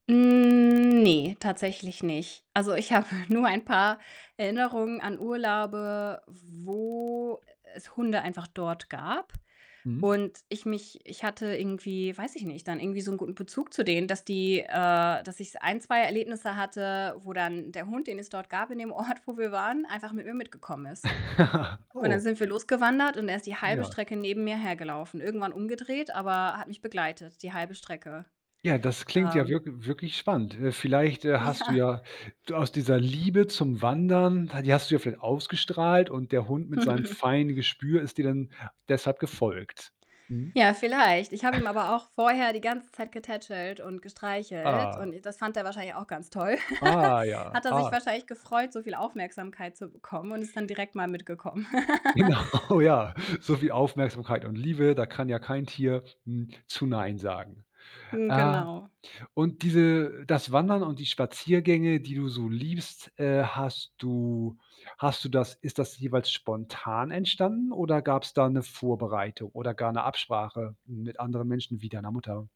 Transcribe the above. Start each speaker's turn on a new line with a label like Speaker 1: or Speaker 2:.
Speaker 1: Ne, tatsächlich nicht. Also, ich habe nur ein paar Erinnerungen an Urlaube, wo e es Hunde einfach dort gab
Speaker 2: Mhm.
Speaker 1: und ich mich ich hatte irgendwie, weiß ich nicht, dann irgendwie so 'nen guten Bezug zu denen, dass die äh, dass ich so ein, 2 Erlebnisse hatte, wo dann der Hund, den es dort gab in dem Ort, wo wir waren, einfach mit mir mitgekommen ist. Und dann
Speaker 2: Oh.
Speaker 1: sind wir los gewandert und er ist die halbe
Speaker 2: Ja.
Speaker 1: Strecke neben mir hergelaufen, irgendwann umgedreht, aber hat mich begleitet, die halbe Strecke.
Speaker 2: Ja, das klingt ja
Speaker 1: Ähm.
Speaker 2: wirk wirklich spannend. Äh, vielleicht, äh, hast du
Speaker 1: Ja.
Speaker 2: ja d aus dieser Liebe zum Wandern, die hast du ja vielleicht ausgestrahlt und der Hund mit seinem feinen Gespür ist dir dann deshalb gefolgt. Mhm.
Speaker 1: Ja, vielleicht. Ich habe ihm aber auch vorher die ganze getätschelt und gestreichelt
Speaker 2: Ah.
Speaker 1: und i das fand er wahrscheinlich auch ganz toll.
Speaker 2: Ah, ja,
Speaker 1: Hat er sich
Speaker 2: ah.
Speaker 1: wahrscheinlich gefreut, so viel Aufmerksamkeit zu bekommen und ist dann direkt mal mitgekommen.
Speaker 2: Genau, ja. So viel Aufmerksamkeit und Liebe, da kann ja kein n Tier zu „Nein“ sagen.
Speaker 1: Mhm.
Speaker 2: Äh.
Speaker 1: Genau.
Speaker 2: Und diese das Wandern und die Spaziergänge, die du so liebst, äh, hast du hast du das ist das jeweils spontan entstanden, oder gab's da 'ne Vorbereitung, oder gar 'ne Absprache mit anderen Menschen wie deiner Mutter?